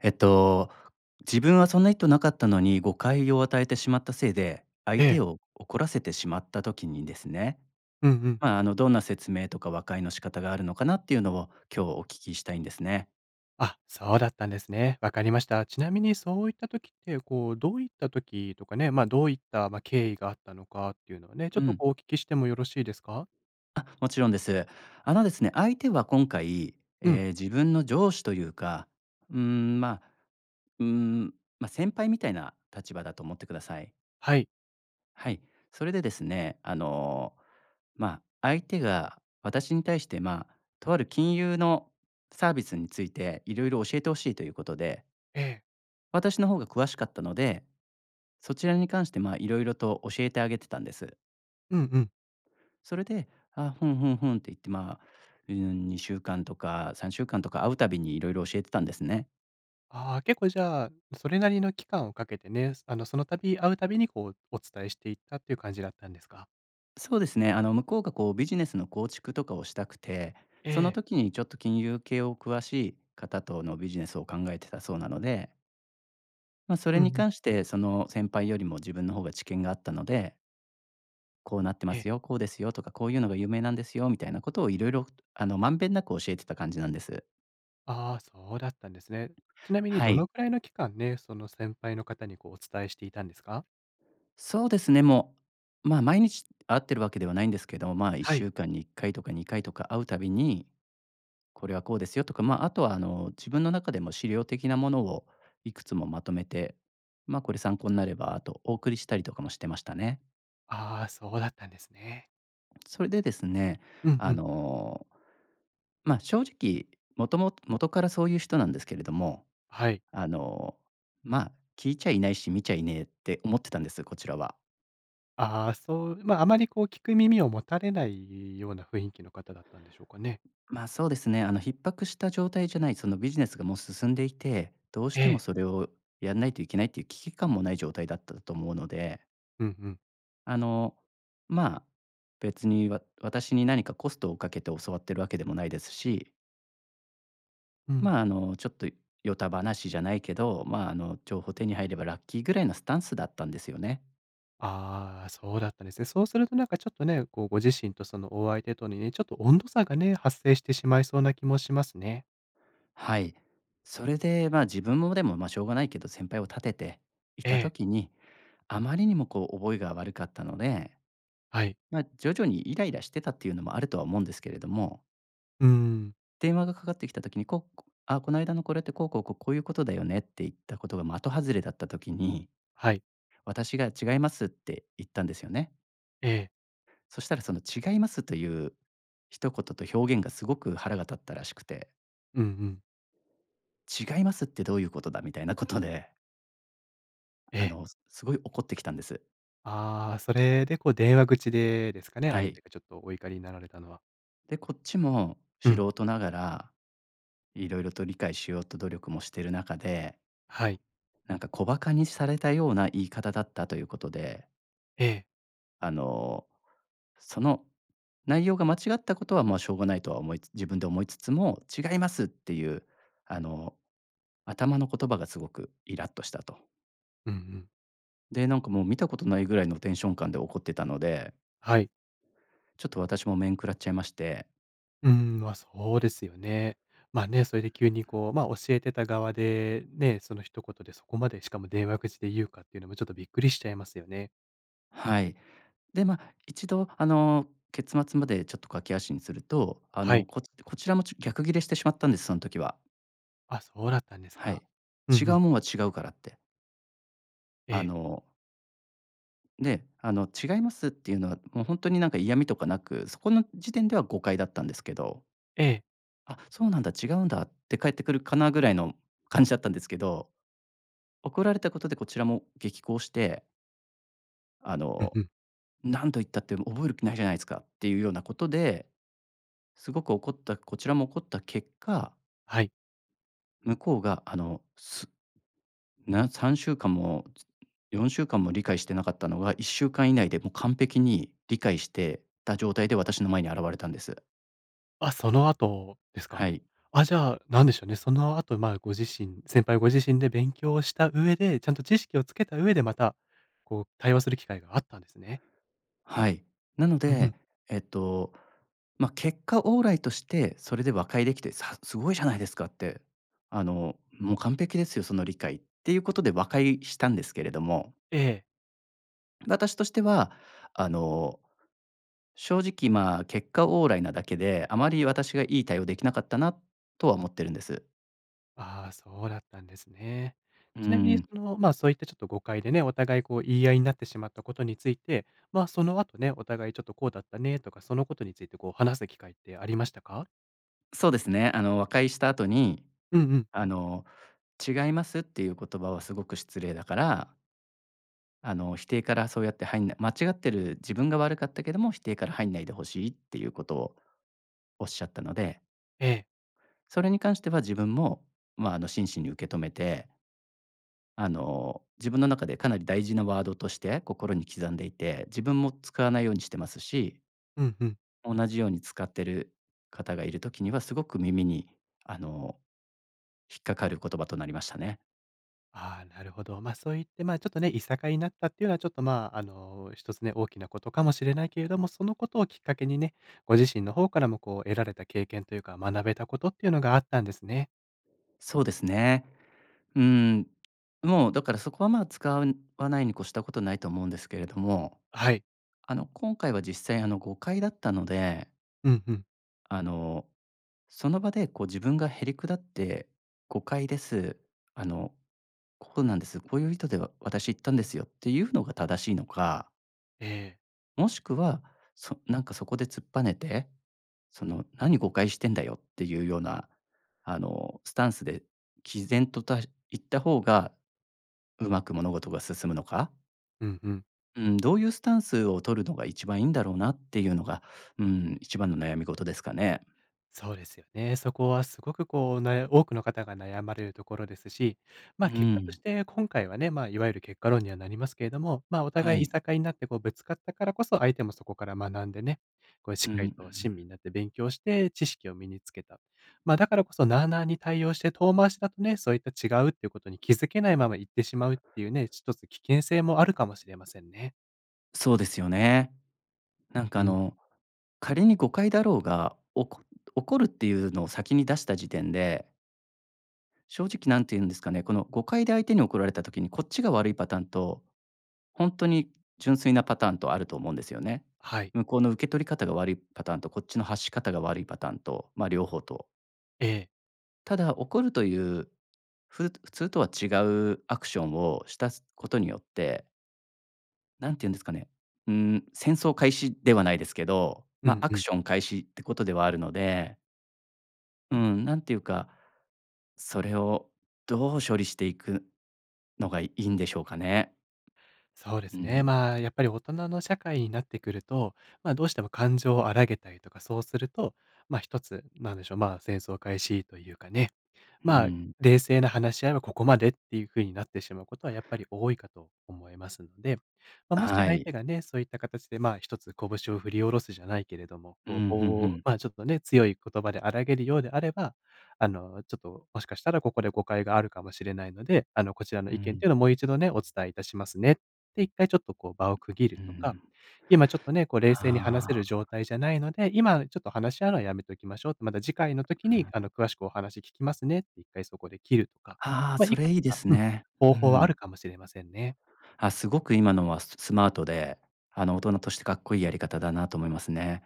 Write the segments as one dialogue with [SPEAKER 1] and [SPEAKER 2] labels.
[SPEAKER 1] えっと自分はそんな意図なかったのに誤解を与えてしまったせいで、相
[SPEAKER 2] え
[SPEAKER 1] 手
[SPEAKER 2] え。
[SPEAKER 1] を怒らせてしまった時にですね、
[SPEAKER 2] うんうん。
[SPEAKER 1] ま、あのどんな説明とか和解の仕方があるのかなっていうのを今日お聞きしたいんですね。
[SPEAKER 2] あ、そうだったんですね。わかりました。ちなみにそういった時って、こうどういった時とかね、ま、どういった経緯があったのかっていうのはね、ちょ
[SPEAKER 1] う
[SPEAKER 2] っと
[SPEAKER 1] ん。
[SPEAKER 2] こうお聞きしてもよろしいですか？
[SPEAKER 1] あ、もちろんです。あのですね、相手は今回、
[SPEAKER 2] うん。
[SPEAKER 1] え、自分の上司というか、うーん、ま、うーん、ま、先輩みたいな立場だと思ってください。
[SPEAKER 2] はい。
[SPEAKER 1] はい、それでですね、あの、ま、相手が私に対して、ま、とある金融のサービスについて色々教えて欲しいということで
[SPEAKER 2] ええ。
[SPEAKER 1] 私の方が詳しかったので、そちらに関して、まあ、色々と教えてあげてたんです。
[SPEAKER 2] うんうん。
[SPEAKER 1] それで、あ、ふんふんふんって言って、まあ2週間とか3週間とか会うたびにいろいろ教えてたんですね。
[SPEAKER 2] ああ、結構じゃあそれなりの期間をかけてね、そあの、そのたび会うたびにこうお伝えしていったっていう感じだったんですか？
[SPEAKER 1] そうですね。あの、向こうがこうビジネスの構築とかをしたくて、
[SPEAKER 2] え
[SPEAKER 1] その
[SPEAKER 2] え。
[SPEAKER 1] 時にちょっと金融系を詳しい方とのビジネスを考えてたそうなのでま、それ
[SPEAKER 2] うんう
[SPEAKER 1] に
[SPEAKER 2] ん。
[SPEAKER 1] 関して、その先輩よりも自分の方が知見があったので「こうなってま
[SPEAKER 2] え！
[SPEAKER 1] すよ」、「こうですよ」とか、「こういうのが有名なんですよ」、みたいなことを色々あの、まんべんなく教えてた感じなんです。
[SPEAKER 2] ああ、そうだったんですね。ちなみに
[SPEAKER 1] は
[SPEAKER 2] どの
[SPEAKER 1] い。
[SPEAKER 2] くらいの期間ね、その先輩の方にこう、お伝えしていたんですか？
[SPEAKER 1] そうですね、もう、まあ、毎日会っているわけではないんですけど、まあ、いっ
[SPEAKER 2] は
[SPEAKER 1] しゅ
[SPEAKER 2] い。
[SPEAKER 1] うかんに1回とか2回とか会うたびに、「これはこうですよ」とか、まあ、あとはあの、自分の中でも資料的なものをいくつもまとめて、ま、「これ参考になれば」と、お送りしたりとかもしてましたね。
[SPEAKER 2] ああ、そうだったんですね。
[SPEAKER 1] それでですね、
[SPEAKER 2] うん
[SPEAKER 1] あ
[SPEAKER 2] うん。
[SPEAKER 1] の、ま、正直、もとももとからそういう人なんですけれども、
[SPEAKER 2] はい。
[SPEAKER 1] あの、ま、「聞いちゃいないし、見ちゃいねえ」って思ってたんです、こちらは。
[SPEAKER 2] ああ、そう、まあ、あまりこう聞く耳を持たれないような雰囲気の方だったんでしょうかね。
[SPEAKER 1] まあ、そうですね。あの逼迫した状態じゃない、そのビジネスがもう進んでいて、どうし
[SPEAKER 2] え
[SPEAKER 1] ても
[SPEAKER 2] え。
[SPEAKER 1] それをやんないといけないっていう危機感もない状態だっただとと思うので。
[SPEAKER 2] うんうん。
[SPEAKER 1] あのまあ、別にわ私に何かコストをかけて教わっているわけでもないですし
[SPEAKER 2] うん。
[SPEAKER 1] まあ、あのちょっとよた話じゃないけど、まあ、あの情報手に入ればラッキーぐらいのスタンスだったんですよね。
[SPEAKER 2] ああ、そうだったんですね。そうするとなんかちょっとね、こうご自身とそのお相手とにね、ちょっと温度差がね、発生してしまいそうな気もしますね。
[SPEAKER 1] はい、それでまあ、自分もでもまあしょうがないけど先輩を立てて、い
[SPEAKER 2] え
[SPEAKER 1] た
[SPEAKER 2] え。
[SPEAKER 1] 時に、あまりにもこう覚えが悪かったので。
[SPEAKER 2] はい。
[SPEAKER 1] ま、徐々にイライラしてたっていうのもあるとは思うんですけれども。
[SPEAKER 2] うーん。
[SPEAKER 1] 電話がかかってきた時に、ここあこの間のこれってこうこうこうこういうことだよねって言ったことが的外れだった時に、
[SPEAKER 2] はい。
[SPEAKER 1] 私が違いますって言ったんですよね。
[SPEAKER 2] ええ。
[SPEAKER 1] そしたら、その、「違います」という、一言と表現がすごく腹が立ったらしくて
[SPEAKER 2] うんうん。
[SPEAKER 1] 「違いますって、どういうことだ」みたいなことで
[SPEAKER 2] え
[SPEAKER 1] あ
[SPEAKER 2] え。
[SPEAKER 1] の、すごい怒ってきたんです。
[SPEAKER 2] ああ、それでこう、電話口でですかね、
[SPEAKER 1] は
[SPEAKER 2] 相
[SPEAKER 1] い。
[SPEAKER 2] 手がちょっと、お怒りになられたのは。
[SPEAKER 1] で、こっちも
[SPEAKER 2] う
[SPEAKER 1] 素
[SPEAKER 2] ん。
[SPEAKER 1] 人ながら、色々と理解しようと努力もしてる中で
[SPEAKER 2] はい。
[SPEAKER 1] なんか、小馬鹿にされたような、言い方だったということで
[SPEAKER 2] ええ。
[SPEAKER 1] あの、その内容が間違ったことはまあ、しょうがないとは思いつ自分で思いつつも、「違います」っていう、あの、頭の言葉がすごくイラッとしたと。
[SPEAKER 2] うんうん。
[SPEAKER 1] で、なんかもう、見たことないぐらいのテンション感で怒ってたので
[SPEAKER 2] はい。
[SPEAKER 1] ちょっと、私も面食らっちゃいまして
[SPEAKER 2] うん、まあ、そうですよね。まあね、それで急にこう、まあ、教えてた側でね、その一言でそこまで、しかも電話口で言うかっていうのもちょっと、びっくりしちゃいますよね。
[SPEAKER 1] はい。で、ま、一度あの、結末までちょっと駆け足にすると、あ
[SPEAKER 2] はい。
[SPEAKER 1] の、ここちらもちょ、逆切れしてしまったんです、その時は。
[SPEAKER 2] あ、そうだったんです
[SPEAKER 1] は
[SPEAKER 2] か。
[SPEAKER 1] い、
[SPEAKER 2] う
[SPEAKER 1] 違
[SPEAKER 2] んう
[SPEAKER 1] う
[SPEAKER 2] ん。
[SPEAKER 1] もんは違うからって。
[SPEAKER 2] え
[SPEAKER 1] あ
[SPEAKER 2] え。
[SPEAKER 1] の。で、あの違いますっていうのはもうほんとになんか嫌味とかなく、そこの時点では誤解だったんですけど。
[SPEAKER 2] ええ。
[SPEAKER 1] 「あ、そうなんだ、違うんだ」って返ってくるかなぐらいの感じだったんですけど、怒られたことでこちらも激高して。あ
[SPEAKER 2] うん
[SPEAKER 1] の
[SPEAKER 2] うん。
[SPEAKER 1] 「何度言ったって覚える気ないじゃないですか」っていうようなことで、すごく怒ったこちらも怒った結果。
[SPEAKER 2] はい。
[SPEAKER 1] 向こうが、あの、すな、3週間も、つ4週間も理解してなかったのは1週間以内でもう完璧に理解してた状態で私の前に現れたんです。
[SPEAKER 2] あ、その後です
[SPEAKER 1] は
[SPEAKER 2] か。
[SPEAKER 1] い。
[SPEAKER 2] あ、じゃあ何でしょうね、その後、まあ、ご自身先輩ご自身で勉強した上で、ちゃんと知識をつけた上で、またこう対話する機会があったんですね。
[SPEAKER 1] はい。なの
[SPEAKER 2] うんう
[SPEAKER 1] で、
[SPEAKER 2] ん。
[SPEAKER 1] えっと、ま、結果オーライとしてそれで和解できて、さ「すごいじゃないですか」って、あのもう「完璧ですよ。その理解」っていうことで和解したんですけれども。
[SPEAKER 2] ええ。
[SPEAKER 1] 私としては、あの、正直ま、結果オーライなだけで、あまり私がいい対応できなかったなとは思ってるんです。
[SPEAKER 2] あ、そうだったんですね。
[SPEAKER 1] う
[SPEAKER 2] ちなみに
[SPEAKER 1] ん。
[SPEAKER 2] そのまあ、そういったちょっと誤解でね、お互いこう言い合いになってしまったことについて、まその後ね、お互いちょっとこうだったねとか、そのことについてこう話す機会ってありましたか？
[SPEAKER 1] そうですね。あの和解した後に、
[SPEAKER 2] うんうん。
[SPEAKER 1] あの違いますっていう言葉はすごく失礼だからあの、否定からそうやって入んない間違ってる自分が悪かったけども否定から入んないで欲しいっていうことをおっしゃったので
[SPEAKER 2] ええ。
[SPEAKER 1] それに関しては自分もまあの真摯に受け止めてあの自分の中でかなり大事なワードとして心に刻んでいて、自分も使わないようにしてますし
[SPEAKER 2] うんうん。
[SPEAKER 1] 同じように使っている方がいる時にはすごく耳にあの、引っかかる言葉となりましたね。
[SPEAKER 2] ああ、なるほど。まそういってまちょっとね、いさかいになったっていうのはちょっとまあの一つね、大きなことかもしれないけれども、そのことをきっかけにね、ご自身の方からもこう得られた経験というか、学べたことっていうのがあったんですね。
[SPEAKER 1] そうですね。ん、もう、だからそこは、ま、使わないに越したことないと思うんですけれども。
[SPEAKER 2] はい。
[SPEAKER 1] あの今回は実際あの誤解だったので。
[SPEAKER 2] うんうん。
[SPEAKER 1] あの、その場でこう自分がへりくだって誤解です。あのこうなんです、こういう意図で、わ私言ったんですよっていうのが正しいのか。
[SPEAKER 2] ええ。
[SPEAKER 1] もしくは、そなんかそこで突っぱねて、その何誤解してんだよっていうような、あのスタンスで毅然と、たい言った方が、うまく物事が進むのか。
[SPEAKER 2] うんうん。
[SPEAKER 1] うん、どういうスタンスを取るのが一番いいんだろうなっていうのが、うん、一番の悩み事ですかね。
[SPEAKER 2] そうですよね。そこはすごくこう、なや多くの方が悩まれるところですし、
[SPEAKER 1] う
[SPEAKER 2] ま、結果とし
[SPEAKER 1] ん。
[SPEAKER 2] て今回はね、ま、いわゆる結果論にはなりますけれども、まあ、お
[SPEAKER 1] は
[SPEAKER 2] 互いい
[SPEAKER 1] い。
[SPEAKER 2] さかいになってこうぶつかったからこそ、相手もそこから学んでね、こうし
[SPEAKER 1] う
[SPEAKER 2] っ
[SPEAKER 1] んう
[SPEAKER 2] かりと親
[SPEAKER 1] ん。
[SPEAKER 2] 身になって勉強して知識を身につけた。まあ、だからこそ
[SPEAKER 1] うん。
[SPEAKER 2] なあなあに対応して遠回しだとね、そういった違うっていうことに気づけないままいってしまうっていうね、ひとつ危険性もあるかもしれませんね。
[SPEAKER 1] そうですよね。なんか
[SPEAKER 2] う
[SPEAKER 1] あ
[SPEAKER 2] ん。
[SPEAKER 1] の、仮に誤解だろうが、おこ怒るっていうのを先に出した時点で正直何て言うんですかね、この誤解で相手に怒られた時にこっちが悪いパターンと、本当に純粋なパターンとあると思うんですよね。
[SPEAKER 2] はい。
[SPEAKER 1] 向こうの受け取り方が悪いパターンと、こっちの発し方が悪いパターンと、ま両方と。
[SPEAKER 2] ええ。
[SPEAKER 1] ただ、怒るという、ふ、普通とは違うアクションをした、す、ことによってなんて言うんですかね、うん、戦争開始ではないですけど、
[SPEAKER 2] う
[SPEAKER 1] ま、
[SPEAKER 2] ん
[SPEAKER 1] ア
[SPEAKER 2] う
[SPEAKER 1] ク
[SPEAKER 2] ん。
[SPEAKER 1] ション開始ってことではあるのでうん、なんていうか、それをどう処理していくのがいいんでしょうかね。
[SPEAKER 2] そうで
[SPEAKER 1] うー
[SPEAKER 2] すね。
[SPEAKER 1] ん。
[SPEAKER 2] まあ、やっぱり大人の社会になってくると、ま、どうしても感情を荒げたりとか、そうすると、ま、一つなんでしょう、ま、戦争開始というかね、
[SPEAKER 1] うー
[SPEAKER 2] まあ、
[SPEAKER 1] ん。
[SPEAKER 2] 冷静な話し合いはここまでっていうふうになってしまうことはやっぱり多いかと思いますので、ま、もし
[SPEAKER 1] は
[SPEAKER 2] 相手
[SPEAKER 1] い。
[SPEAKER 2] がね、そういった形で、ま、一つ拳を振り下ろすじゃないけれども、
[SPEAKER 1] う
[SPEAKER 2] こう
[SPEAKER 1] ん、ふん-
[SPEAKER 2] ぼ
[SPEAKER 1] ふ
[SPEAKER 2] う
[SPEAKER 1] ん。
[SPEAKER 2] ま、ちょっとね、強い言葉で荒らげるようであればあの、ちょっともしかしたらここで誤解があるかもしれないので、あの、こちらの
[SPEAKER 1] う
[SPEAKER 2] 意見って
[SPEAKER 1] ん。
[SPEAKER 2] いうのをもう一度ね、お伝えいたしますねって、1回ちょっとこう場を区切る
[SPEAKER 1] うー
[SPEAKER 2] とか、
[SPEAKER 1] ん。
[SPEAKER 2] 今ちょっとね、こう冷静に話せ
[SPEAKER 1] あ
[SPEAKER 2] る状
[SPEAKER 1] あ。
[SPEAKER 2] 態じゃないので、今ちょっと話し合うのはやめておきましょうってまた次回の時
[SPEAKER 1] うー
[SPEAKER 2] に、あ
[SPEAKER 1] ん。
[SPEAKER 2] の、詳しくお話聞きますねって、1回そこで切るとか、
[SPEAKER 1] ああ、
[SPEAKER 2] ま、
[SPEAKER 1] そ
[SPEAKER 2] いく
[SPEAKER 1] れ
[SPEAKER 2] つ
[SPEAKER 1] いいで
[SPEAKER 2] か、
[SPEAKER 1] す
[SPEAKER 2] うん、
[SPEAKER 1] ね。
[SPEAKER 2] 方
[SPEAKER 1] う
[SPEAKER 2] 法はある
[SPEAKER 1] ん。
[SPEAKER 2] かもしれませんね。
[SPEAKER 1] あ、すごく今のは、ススマートで、あの大人としてかっこいいやり方だなと思いますね。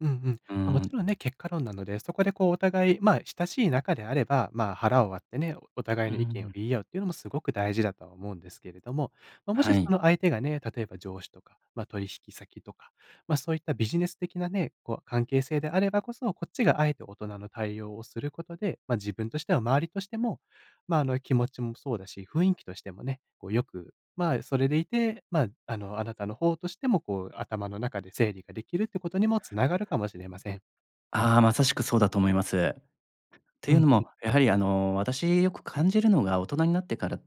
[SPEAKER 2] うんうん。
[SPEAKER 1] うー
[SPEAKER 2] ま、もち
[SPEAKER 1] ん。
[SPEAKER 2] ろんね、結果論なので、そこでこうお互い、ま、親しい仲であれば、まあ、腹を割ってね、お互
[SPEAKER 1] う
[SPEAKER 2] い
[SPEAKER 1] ー
[SPEAKER 2] の意見を
[SPEAKER 1] ん。
[SPEAKER 2] 言い合うっていうのもすごく大事だと思うんですけれども、ま、もし
[SPEAKER 1] は
[SPEAKER 2] そ
[SPEAKER 1] い。
[SPEAKER 2] の相手がね、例えば上司とか、ま、取引先とか、ま、そういったビジネス的なね、こう関係性であればこそ、こっちが敢えて大人の対応をすることで、ま、自分としては周りとしても、まあ、あの、気持ちもそうだし、雰囲気としてもね、こうよく、まあ、それでいて、まあ、あの、あなたの方としても、こう頭の中で整理ができるってことにも繋がるかもしれません。
[SPEAKER 1] ああ、まさしくそうだと思います。と
[SPEAKER 2] う
[SPEAKER 1] い
[SPEAKER 2] ん
[SPEAKER 1] うの
[SPEAKER 2] うん。
[SPEAKER 1] も、やはりあの私よく感じるのが大人になってから、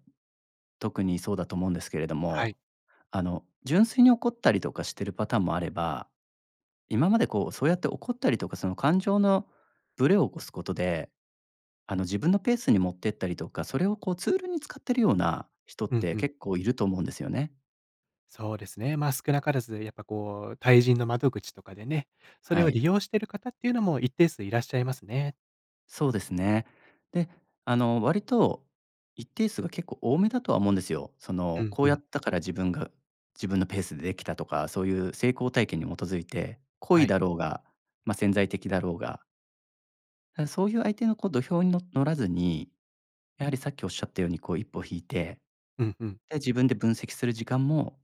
[SPEAKER 1] 特にそうだと思うんですけれど
[SPEAKER 2] はい。
[SPEAKER 1] も、あの純粋に怒ったりとかしてるパターンもあれば、今までこうそうやって怒ったりとか、その感情のブレを起こすことで、あの自分のペースに持ってったりとか、それをこうツールに使ってるような人っ
[SPEAKER 2] うん
[SPEAKER 1] て
[SPEAKER 2] うん。
[SPEAKER 1] 結構いると思うんですよね。
[SPEAKER 2] そうですね。まあ、少なからず、やっぱこう対人の窓口とかでね、それ
[SPEAKER 1] は
[SPEAKER 2] を利
[SPEAKER 1] い。
[SPEAKER 2] 用してる方っていうのも一定数いらっしゃいますね。
[SPEAKER 1] そうですね。で、あの、割と、一定数が結構多めだとは思うんですよ。そ
[SPEAKER 2] う
[SPEAKER 1] の、
[SPEAKER 2] ん
[SPEAKER 1] こう
[SPEAKER 2] う
[SPEAKER 1] や
[SPEAKER 2] ん。
[SPEAKER 1] ったから自分が自分のペースでできたとか、そういう成功体験に基づいて、故
[SPEAKER 2] は
[SPEAKER 1] 意
[SPEAKER 2] い。
[SPEAKER 1] だろうが、ま、潜在的だろうがうん、そういう相手の、こう、土俵にの乗らずに、やはり、さっき仰ったように、こう、一歩引いて、
[SPEAKER 2] うんうん。
[SPEAKER 1] で、自分で分析する時間も、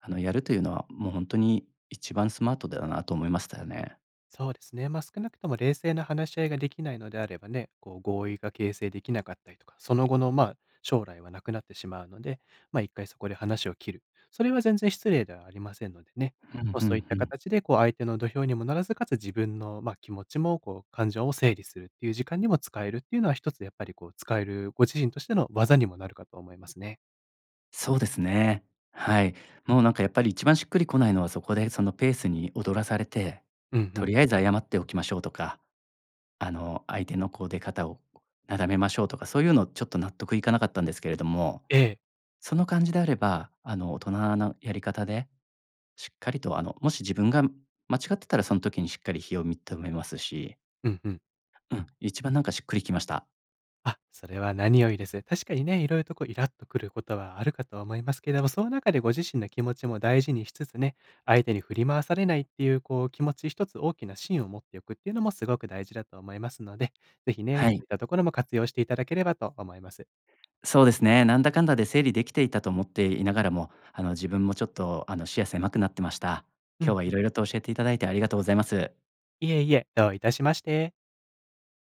[SPEAKER 1] あの、やるというのは、もうほんとに、「一番スマートだよな」と、思いましたよね。
[SPEAKER 2] そうですね。ま、少なくとも、冷静な話し合いができないのであればね、こう、合意が形成できなかったりとか、その後の、ま、将来は、なくなってしまうので。ま、一回そこで話を切る、それは全然、失礼ではありませんのでね。
[SPEAKER 1] ふん
[SPEAKER 2] ま、
[SPEAKER 1] ふ
[SPEAKER 2] そう
[SPEAKER 1] ん
[SPEAKER 2] いっ
[SPEAKER 1] ふ
[SPEAKER 2] た
[SPEAKER 1] ん。
[SPEAKER 2] 形で、こう、相手の土俵にも乗らず、かつ、自分の、ま、気持ちもこう、感情を整理するっていう時間にも、使えるっていうのは、一つやっぱり、こう、使える、ご自身としての、技にもなるかと思いますね。
[SPEAKER 1] そうですね。はい。もう、なんか、やっぱり、一番しっくりこないのは、そこで、そのペースに踊らされて、
[SPEAKER 2] うんう
[SPEAKER 1] 「と
[SPEAKER 2] ん。
[SPEAKER 1] りあえず謝っておきましょう」とか。あの、「相手のこう、出方をなだめましょう」とか。そういうのちょっと、納得いかなかったんですけれども、
[SPEAKER 2] ええ。
[SPEAKER 1] その感じであれば、あの、大人のやり方で、しっかりと、あの、もし自分が間違ってたら、その時にしっかり非を認めますし
[SPEAKER 2] うんうん。
[SPEAKER 1] うん。一番なんか、しっくりきました。
[SPEAKER 2] あ、それは何よりです。確かにね、いろいろとこう、イラッとくることは、あるかとは思いますけれども。その中で、ご自身の気持ちも大事にしつつね、相手に振り回されないっていう、こう、気持ち一つ、大きな芯を持っておくっていうのも、すごく大事だと思いますので。ぜひね、
[SPEAKER 1] は
[SPEAKER 2] そう
[SPEAKER 1] い。
[SPEAKER 2] いったところも、活用していただければと思います。
[SPEAKER 1] そうですね。なんだかんだで、整理できていたと思っていながらも、あの、自分もちょっと、あの、視野狭くなってました。
[SPEAKER 2] う
[SPEAKER 1] 今日
[SPEAKER 2] ん
[SPEAKER 1] は、
[SPEAKER 2] うん。
[SPEAKER 1] 色々と教えていただいて、ありがとうございます。
[SPEAKER 2] いえいえ。どういたしまして。